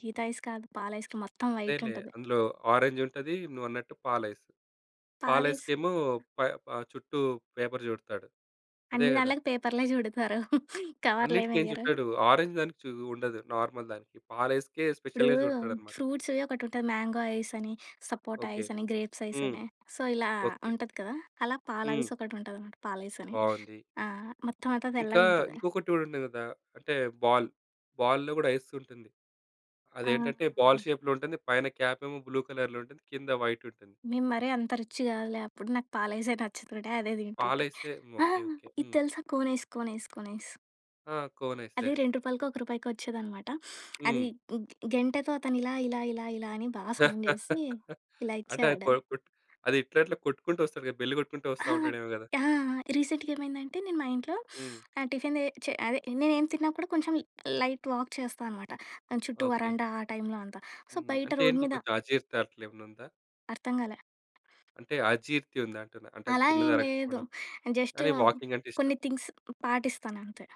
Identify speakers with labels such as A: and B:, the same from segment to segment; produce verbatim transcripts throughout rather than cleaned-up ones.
A: Gita ice కాదు. పాల ice cream మొత్తం
B: అదేలే,
A: వైటుంటది.
B: అందులో ఆరెంజుంటది. నువ్వన్నట్టు పాలైస్.
A: పాలైస్.
B: పాలైస్‌కేమో ప ఆహ్, చుట్టూ పేపర్ చుడతాడు. అదే
A: అన్ని
B: గదా?
A: దంట్లకి పేపర్‌లే జుడతారు. కవర్‌లేం
B: అన్నిటికేం
A: ఎయ్యరు.
B: జుట్టడు. ఆరెంజ్ దానికి చూ ఉండదు, నార్మల్ దానికి. పాలైస్‌కే
A: ఇప్పుడూ
B: స్పెషల్‌గా చుడతాడనమాట.
A: ఫ్రూట్స్‌వే ఒకటుంటది, మ్యాంగో ఐసని, సపోటా
B: ఓకే.
A: ఐసని, గ్రేప్స్
B: హ్మ్.
A: ఐసని. సో, ఇలా
B: ఓకే.
A: ఉంటది కదా! అలా పాల
B: హ్మ్.
A: ఐసొకటుంటదనమాట పాలైసని.
B: బావుంది.
A: ఆ! మొత్తం అంతా
B: ఇంకా
A: తెల్లగుంటది.
B: ఇంకొకటి గూడుండే గదా! అంటే, బాల్, బాల్‌లో గూడా ఐస్ ఉంటుంది.
A: ఆ!
B: అదేంటంటే, బాల్
A: ఆంజ్
B: షేప్‌లో ఉంటుంది, పైన క్యాపేమో బ్లూ కలర్‌లో ఉంటుంది, కింద వైటుంటుంది.
A: మేము మరీ అంత రిచ్చ్ కాదులే అప్పుడు. నాకు పాలైసే నచ్చుతుండే, అదే తింటుంటే.
B: పాలైసే హ్మ్,
A: ఆ!
B: ఓకే. ఓకే.
A: ఇది
B: హ్మ్.
A: తెలుసా కోనైస్, కోనైస్, కోనైస్?
B: ఆ! కోనైస్
A: అది,
B: తెలుసు.
A: రెండు రూపాయలకో, ఒక రూపాయికో ఒచ్చేదనమాట. అది
B: హ్మ్.
A: గ్ గెంటెతో అతను ఇలా, ఇలా, ఇలా, ఇలా అని బా సౌండ్ చేసీ, ఇలా
B: అంటే, అది
A: ఇచ్చేవాడు.
B: కొరుకుట్ అది ఇట్లా ఇట్లా కొట్టుకుంటొస్తాడు కదా! బెల్లు కొట్టుకుంటూ
A: ఆ!
B: వస్తా ఉంటాడేమో గదా!
A: ఆ! ఆ! రీసెంట్‌గా ఏమైందంటే, నేను మా ఇంట్లో
B: హ్మ్.
A: ఆహ్, టిఫిన్ దే చె అదే నేనేం తిన్నా కూడా, కొంచెం లైట్ వాక్ చేస్తా అనమాట. దాని చుట్టూ
B: ఓకే.
A: వరండా ఆ టైమ్‌లో అంతా. సో,
B: హ్మ్.
A: బయట
B: అంటే,
A: రోడ్
B: ఏంటి
A: మీద
B: కొంచెం అజీర్తి అట్లేమన్నుందా?
A: అర్థంగాలే?
B: అంటే, అజీర్తి ఉందా అంటున్నా? అంటే
A: అలా ఏం లేదు.
B: తిన్నదరక్కపోడం?
A: జస్టు
B: కానీ, వాకింగంటే ఇష్టం.
A: కొన్ని థింగ్స్ పాటిస్తానంతే.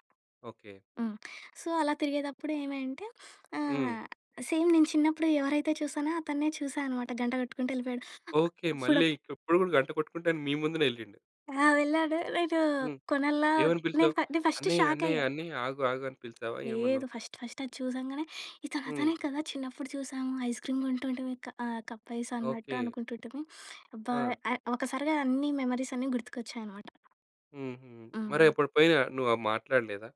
B: ఓకే.
A: హ్మ్. సో, అలా తిరిగేదప్పుడు ఏమైంటే
B: హ్మ్.
A: ఆహ్, సేమ్ నేను చిన్నప్పుడు ఎవరైతే చూశానో, అతన్నే చూశా అనమాట. గంట కొట్టుకుంటూ యెళ్ళిపోయాడు.
B: ఓకే.
A: అప్పుడు
B: మళ్ళీ ఇకిప్పుడు గూడా, గంట కొట్టుకుంటానే మీ ముందునే యెళ్ళిండు.
A: ఆ! వెళ్ళాడు. నేనూ
B: హ్మ్.
A: కొనాలా?
B: ఏమని పిలిచావు?
A: నేన్ ఫా నె ఫస్ట్
B: "అన్నయ్య,
A: షాకయ్యా.
B: అన్నయ్య, అన్నయ్య, ఆగు, ఆగు" అని పిలిచావా? ఏమన్నావు?
A: లేదు. ఫస్ట్, ఫస్ట్ అది చూసాంగనే, ఇతను
B: హ్మ్.
A: అతనే కదా! చిన్నప్పుడు చూశాము. ఐస్‌క్రీమ్ కొంటుంటిమి క ఆహ్, కప్పైసన్నట్టు
B: ఓకే.
A: అనుకుంటుంటిమి. అబ్బా!
B: ఆ!
A: అ ఒకసారిగా అన్ని మెమోరీసన్నీ గుర్తుకొచ్చాయనమాట.
B: హుహు. మరి
A: అవును.
B: అప్పుడు పోయినా నువ్వు ఆహ్, మాట్లాడలేదా?